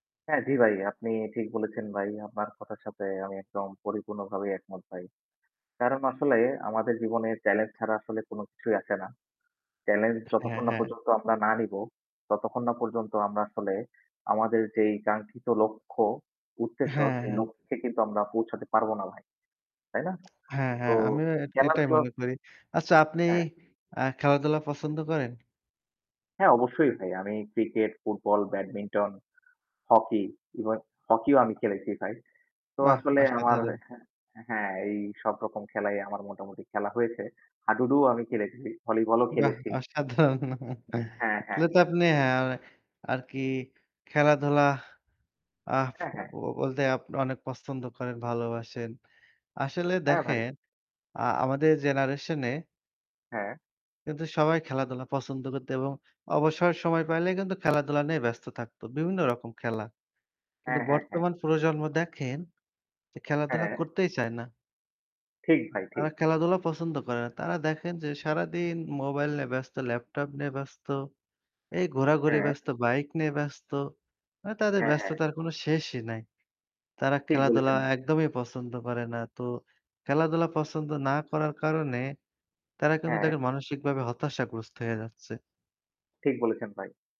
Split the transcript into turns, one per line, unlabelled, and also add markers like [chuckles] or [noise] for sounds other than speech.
হ্যাঁ জি ভাই আপনি ঠিক বলেছেন ভাই, আপনার কথার সাথে আমি একদম পরিপূর্ণভাবে একমত ভাই। কারণ আসলে আমাদের জীবনে চ্যালেঞ্জ ছাড়া আসলে কোন কিছুই আসেনা। চ্যালেঞ্জ
হ্যাঁ,
যতক্ষণ না
হ্যাঁ।
পর্যন্ত আমরা না নিব, ততক্ষণ না পর্যন্ত আমরা আসলে আমাদের যেই কাঙ্ক্ষিত লক্ষ্য, উদ্দেশ্য।
হ্যাঁ,
সেই
হ্যাঁ।
লক্ষ্যে কিন্তু আমরা পৌঁছাতে পারবো না ভাই। তাই না?
হ্যাঁ,
তো,
হ্যাঁ আমিও এট এটাই
খেলাটাও
মনে করি। আচ্ছা আপনি
হ্যাঁ।
আ খেলাধুলা পছন্দ করেন?
হ্যাঁ অবশ্যই ভাই। আমি ক্রিকেট, ফুটবল, ব্যাডমিন্টন, হকি এবং হকিও আমি খেলেছি ভাই। তো
বাহ!
আসলে আমার
অসাধারণ।
হ্যাঁ এই সবরকম খেলাই আমার মোটামুটি খেলা হয়েছে। হাডুডুও আমি খেলেছি, ভলিবলও
বাহ!
খেলেছি।
অসাধারণ [chuckles]
হ্যাঁ, হ্যাঁ।
তাহলে তো আপনি, অ্যা আর কি খেলাধুলা আহ
হ্যাঁ, হ্যাঁ।
ব বলতে অনেক পছন্দ করেন, ভালোবাসেন। আসলে
হ্যাঁ ভাই।
দেখেন আ আমাদের জেনারেশনে
হ্যাঁ।
কিন্তু সবাই খেলাধুলা পছন্দ করত, এবং অবসরের সময় পাইলে কিন্তু খেলাধুলা নিয়ে ব্যস্ত থাকতো। বিভিন্ন রকম খেলা। কিন্তু
হ্যাঁ, হ্যাঁ, হ্যাঁ।
বর্তমান প্রজন্ম দেখেন, যে খেলাধুলা
হ্যাঁ।
করতেই চায় না।
ঠিক ভাই
তারা
ঠিক।
খেলাধুলা পছন্দ করে না তারা দেখেন যে সারাদিন মোবাইল নিয়ে ব্যস্ত ল্যাপটপ নিয়ে ব্যস্ত। এই ঘোরাঘুরি
হ্যাঁ।
ব্যস্ত বাইক নিয়ে ব্যস্ত। মানে তাদের
হ্যাঁ, হ্যাঁ।
ব্যস্ততার কোনো শেষই নাই। তারা
ঠিক
খেলাধুলা
বলেছেন।
একদমই পছন্দ করে না তো খেলাধুলা পছন্দ না করার কারণে, তারা কিন্তু
হ্যাঁ।
দেখেন মানসিকভাবে হতাশাগ্রস্ত হয়ে যাচ্ছে।
ঠিক বলেছেন ভাই।